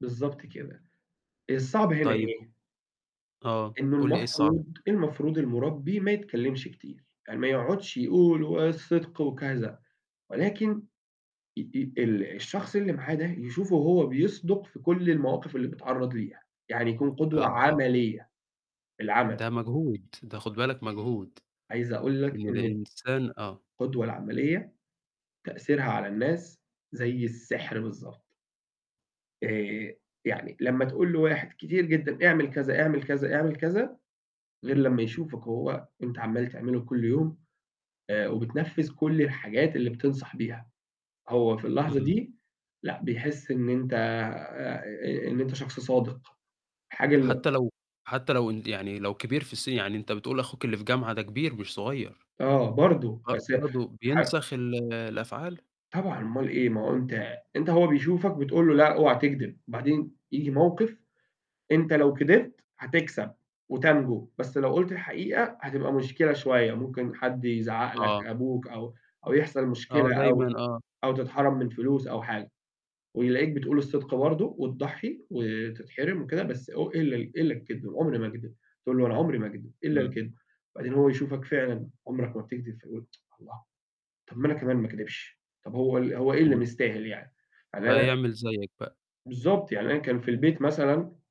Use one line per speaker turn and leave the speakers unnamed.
بالضبط كده. الصعب هنا
طيب
إيه؟
آه،
إنه
قُل لي إيه الصعب.
المفروض المفروض المُربِّي ما يتكلمش كتير، يعني ما يقعدش يقول والصدق وكذا. ولكن ي ي ال الشخص اللي معاه ده يشوفه هو بِيصدُق في كل المواقف اللي بيتعرض ليها، يعني يكون قدوة
آه.
عملية، بالعمل.
ده مجهود. ده خُد بالك مجهود.
عايز أقول لك
إنه
إن ال
الإنسان آه.
القُدوة العملية تأثيرها على الناس زي السحر بالضبط. آآ، يعني لمّا تقول لواحد كتير جدًا اعمل كذا، اعمل كذا، اعمل كذا، غير لمّا يشوفك وهو أنت عمّال تعمله كل يوم، آآ وبتنفّذ كل الحاجات اللي بتنصح بيها. هو في اللحظة
إمم.
دي لأ، بيحس إن أنت آآ، إن أنت شخص صادق، حاجة ال
حتى لو حتى لو إن يعني لو كبير في الس يعني أنت بتقول أخوك اللي في جامعة ده كبير مش صغير.
آه، برضه،
ب
بس
برضه
ح
بينسخ ال الأفعال؟
طبعًا أومال إيه؟ ما هو أنت أنت هو بيشوفك بتقول له: "لأ، أوعي تكدب." بعدين ييجي موقِف، أنت لو كدبت هتكسب وتنجو. بس لو قُلت الحقيقة هتبقى مشكلة شوية، ممكن حد يزعّق لك؛
آه.
أبوك، أو أو يحصل
آه
مشكلة
دايمًا،
أو
آه.
أو تتحرم من فلوس أو حاجة، ويلاقيك بتقول الصدق برضه، وتضّحي وتتحرم وكده بس إو إلّا إلّا الكدب، عمري ما أكدب. تقول له: "أنا عمري ما أكدب، إلّا
إمم.
الكدب". بعدين هو يشوفك فعلًا عمرك ما بتكدب فيقول: "الله! طب ما أنا كمان ما أكدبش، طب هو ال هو إيه اللي
إمم.
مستاهل يعني؟" يعني أنا
فهيعمل زيّك بقي.
بالضبط، يعني أنا كان في البيت مثلًا